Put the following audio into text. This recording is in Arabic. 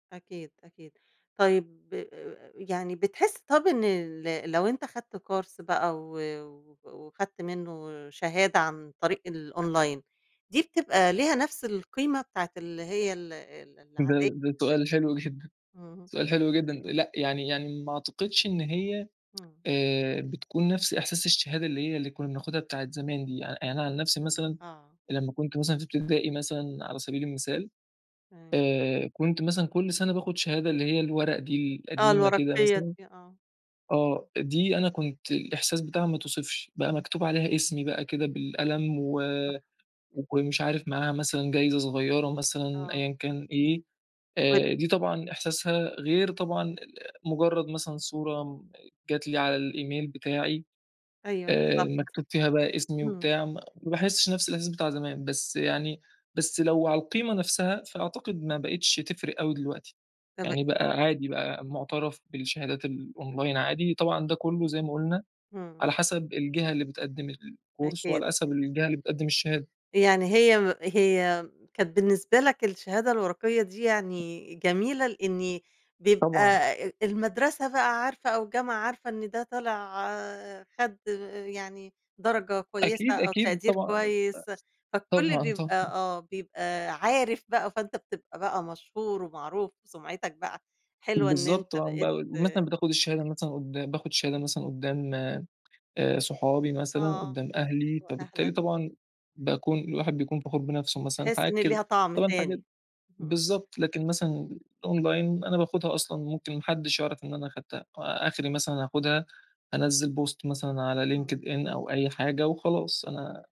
أكيد، أكيد، طيب، يعني بتحس طب إن ال لو أنت خدت كورس بقى، و وخدت منه شهادة عن طريق الأونلاين، دي بتبقى ليها نفْس القيمة بتاعة اللي هي ال ال ده العادية؟ ده سؤال حلو جدًا، اهم. سؤال حلو جدًا، لأ يعني يعني ما أعتقدش إن هي إمم. آآ بتْكون نفس إحساس الشهادة اللي هي اللي كنا بناخدها بتاعة الزمان دي يعني، أنا عن نفسي مثلًا، آه. لما كُنت مثلًا في اِبتدائي مثلًا على سَبيل المثال، إمم. آآ كُنت مثلًا كُل سَنَة باخد شهادة اللي هي الورق دي آه، القديمة كده الوَرَقيَّة مثلًا، دي آه، آه، إمم. دي أنا كُنت الإحساس بتاعها ما يتْوِصفش بقى، مكتوب عليها اسْمي بقى كده بالقلم، و صح. كان مش عارف معاها مثلًا جايْزة صغيرة مثلًا، آه. أيًّا كان إيه، ب آآ دي طبعًا إحْساسها غير طبعًا مجرد مثلًا صورة جات لي على الإيميل بتاعي، أيوه آآ بالضبط. مكتوب فيها بقى اِسمي إمم. وبتاع، ما باحسش نفس الإحساس بتاع زمان، بس يعني، بس لو على القيمة نفسها، فأعتقد ما بقيتش تفرِق أوي دلوقتي تمام. يعني، بقى عادي بقى، مُعْتَرف بالشهادات الأونلاين عادي طبعًا، ده كله زي ما قلنا، إمم. على حَسَب الجهة اللي بتقدم الكورس، أكيد. وعلى حَسَب الجهة اللي بتقدم الشهادة. يعني هي م هي كانت بالنسبة لك الشهادة الوَرَقيَّة دي يعني جميلة، لإني بيبقى طبعًا. المدرسة بقى عارفة، أو الجامعة عارفة، إن ده طالع خد يعني درجة كويسة أكيد، أو أكيد، تقدير طبعًا [unintelligible] كويس، فالكل طبعًا، بيبقى طبعًا. آه، بيبقى عارف بقى، فأنت بتبقى بقى مشهور ومعروف وسُمعِتَك بقى حلوة، إن بالضبط، أنت آه، ب بقيت مثلًا بتاخد الشهادة مثلًا قُدّام باخد الشهادة مثلًا قُدّام آآ صحابي مثلًا، آه قُدّام أهلي، فبالتالي وأهلك. طبعًا إمم. باكون الواحد بيكون فَخور بنفْسه مثلًا، تِحِس حاجات إني كده، ليها طَعْم طبعًا حاجة تاني. امم، بالضبط، لكن امم. مثلًا الأونلاين، أنا باخدها أصلًا، ممكن ما حدِّش يعرف إن أنا أخدتها، آخْري مثلًا هاخدها، انزِّل بوست مثلًا على إمم. LinkedIn أو أي حاجة، وخلاص أنا